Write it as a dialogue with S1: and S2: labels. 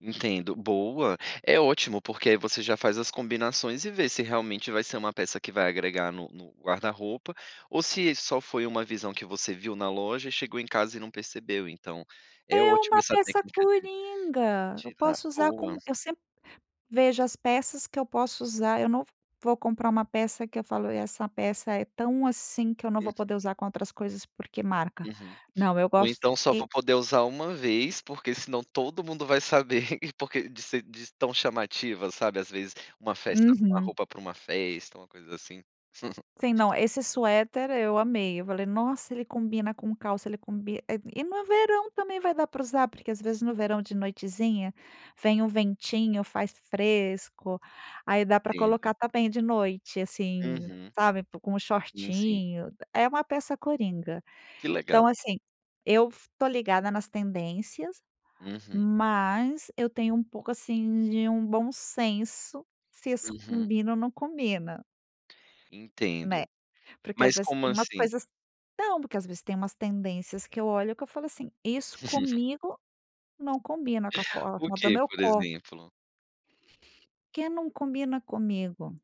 S1: Entendo, boa. É ótimo, porque aí você já faz as combinações e vê se realmente vai ser uma peça que vai agregar no no guarda-roupa, ou se só foi uma visão que você viu na loja, e chegou em casa e não percebeu, então é
S2: É
S1: ótimo
S2: uma
S1: essa
S2: peça
S1: técnica de
S2: curinga. Eu
S1: tirar
S2: posso usar
S1: boa.
S2: com eu sempre vejo as peças que eu posso usar, eu não v vou comprar uma peça que eu falo: "essa peça é tão assim, que eu não
S1: Hum.
S2: vou poder usar com outras coisas, porque marca".
S1: Uhum.
S2: Não, eu
S1: Ou
S2: gosto
S1: então só
S2: e
S1: vou poder usar 1 vez, porque senão todo mundo vai saber, porque de ser de tão chamativa, sabe, às vezes uma festa, com a
S2: Uhum.
S1: roupa para uma festa, uma coisa assim.
S2: Sim, não, esse suéter, eu amei, eu falei: "Nossa, ele combina com calça, ele combi", eh, e no verão também vai dar para usar, porque às vezes no verão, de noitezinha, vem um ventinho, faz fresco, aí dá para
S1: Entendo.
S2: colocar também de noite, assim,
S1: Uhum.
S2: sabe, com o
S1: Sim, sim.
S2: shortinho É uma peça coringa.
S1: Que legal.
S2: Então assim, eu f estou ligada nas tendências,
S1: Uhum.
S2: mas eu tenho um pouco, assim, de um bom senso se isso
S1: Uhum.
S2: combina ou não combina.
S1: Entendo.
S2: Né, porque às
S1: Mas
S2: vezes
S1: como
S2: tem umas
S1: assim?
S2: coisas não, porque às vezes tem umas tendências que eu olho, que eu falo assim: "Isso comigo, não combina com a
S1: O
S2: forma do
S1: que,
S2: meu
S1: por
S2: copo".
S1: exemplo?
S2: Que não combina comigo.